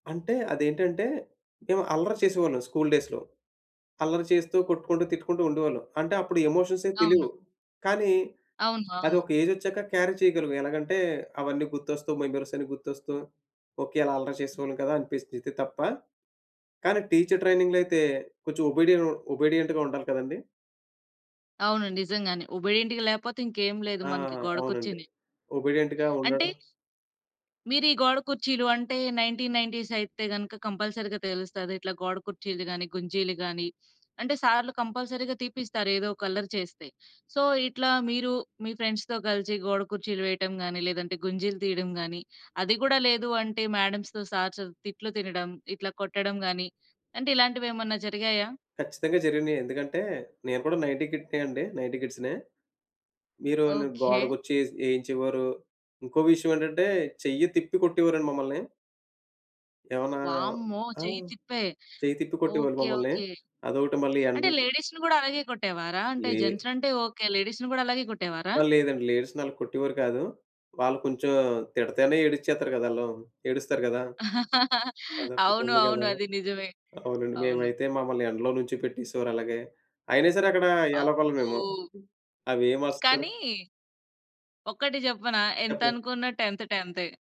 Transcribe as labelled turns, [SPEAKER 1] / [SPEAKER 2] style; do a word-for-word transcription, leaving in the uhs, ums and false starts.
[SPEAKER 1] అంటే, అదేంటంటే మేం అల్లరి చేసేవాళ్ళం స్కూల్ డేస్‌లో. అల్లరి చేస్తూ కొట్టుకుంటూ, తిట్టుకుంటూ ఉండేవాళ్ళం. అంటే, అప్పుడు ఎమోషన్స్ ఏం
[SPEAKER 2] అవును.
[SPEAKER 1] తెలియవు. కానీ,
[SPEAKER 2] అవును,
[SPEAKER 1] అది
[SPEAKER 2] అవును.
[SPEAKER 1] ఒక ఏజ్ ఒచ్చాక క్యారీ చేయగలం. ఎలాగంటే, అవన్నీ గుర్తొస్తూ మెమోరీస్ అన్నీ గుర్తొస్తూ, ఓకె అలా అల్లరి చేసేవాళ్ళం కదా అనిపిస్తది ఇది తప్ప. కానీ, టీచర్ ట్రైనింగ్‌లో అయితే, కొంచెం ఒబిడియన్ ఒబిడియంట్‌గా ఉండాలి కదండీ.
[SPEAKER 2] అవును. నిజంగానే ఒబిడియెంట్‌గా లేపోతే ఇంకేం లేదు.
[SPEAKER 1] ఆ!
[SPEAKER 2] మనకి గోడ
[SPEAKER 1] అవునండి
[SPEAKER 2] కుర్చీనే.
[SPEAKER 1] ఒబిడియంట్‌గా
[SPEAKER 2] అంటే,
[SPEAKER 1] ఉండడం.
[SPEAKER 2] మీరీ గోడ కుర్చీలు అంటే, నైన్టీన్ నైన్టీస్ అయితే గనుక, కంపల్సరీగా తెలుస్తది. ఇట్లా గోడ కుర్చీలు గాని, గుంజీలు గాని అంటే, సార్లు కంపల్సరీగా తీపిస్తారు ఏదోక అల్లరి చేస్తే. సో, ఇట్లా మీరు, మీ ఫ్రెండ్స్‌తో కలిసి గోడ కుర్చీలు వేయడం గాని, లేదంటే గుంజీలు తీయడం గాని, అది గుడా లేదు అంటే, మాడమ్స్‌తో, సార్స్‌తొ తిట్లు తినడం, ఇట్లా కొట్టడం గాని అంటే, ఇలాంటివి ఏమన్నా జరిగాయా?
[SPEAKER 1] ఖచ్చితంగా జరిగినయి. ఎందుకంటే, నేను కూడా నైంటీ కిడ్‌నే అండి. నైంటీ కిడ్స్‌నే. మీరు గోడ
[SPEAKER 2] ఓకె.
[SPEAKER 1] కుర్చీ ఏసీ ఏయించేవారు. ఇంకో విషయం ఏంటంటే, చెయ్యి తిప్పి కొట్టేవారండి మమ్మల్ని. ఏమన్నా
[SPEAKER 2] వామ్మో!
[SPEAKER 1] ఆ!
[SPEAKER 2] చెయ్యి తిప్పే.
[SPEAKER 1] చెయ్యి తిప్పి కొట్టేవాళ్ళు
[SPEAKER 2] ఓకె,
[SPEAKER 1] మమ్మల్ని.
[SPEAKER 2] ఓకె.
[SPEAKER 1] అదోటి మళ్ళీ
[SPEAKER 2] అంటే,
[SPEAKER 1] ఎండలు
[SPEAKER 2] లేడీస్‌ని కూడా అలాగే కొట్టేవారా? అంటే,
[SPEAKER 1] లే
[SPEAKER 2] జెంట్స్ అంటే ఓకె. లేడీస్‌ని కూడా అలాగే కొట్టేవారా?
[SPEAKER 1] ఆహ్, లేదండి. లేడీస్‌‌నలా కొట్టేవారు కాదు. వాళ్ళు కొంచెం తిడితేనే ఏడిచేత్తారు కదా ఆళ్ళు. ఏడుస్తారు గదా! అదొక్కటి
[SPEAKER 2] అవును,
[SPEAKER 1] ఉంది
[SPEAKER 2] అవును.
[SPEAKER 1] గదా!
[SPEAKER 2] అది నిజమే.
[SPEAKER 1] అవునండి.
[SPEAKER 2] అవును.
[SPEAKER 1] మేమైతే మమ్మల్ని ఎండలో నిల్‌చోపెట్టేసేవారు అలాగే. అయినా సరే, అక్కడ యాలపల మేము
[SPEAKER 2] అబ్బో!
[SPEAKER 1] అవేమస్తరు
[SPEAKER 2] కానీ, ఒకటి చెప్పనా! ఎంత
[SPEAKER 1] చెప్పండి.
[SPEAKER 2] అనుకున్న టెంత్ టెంతే.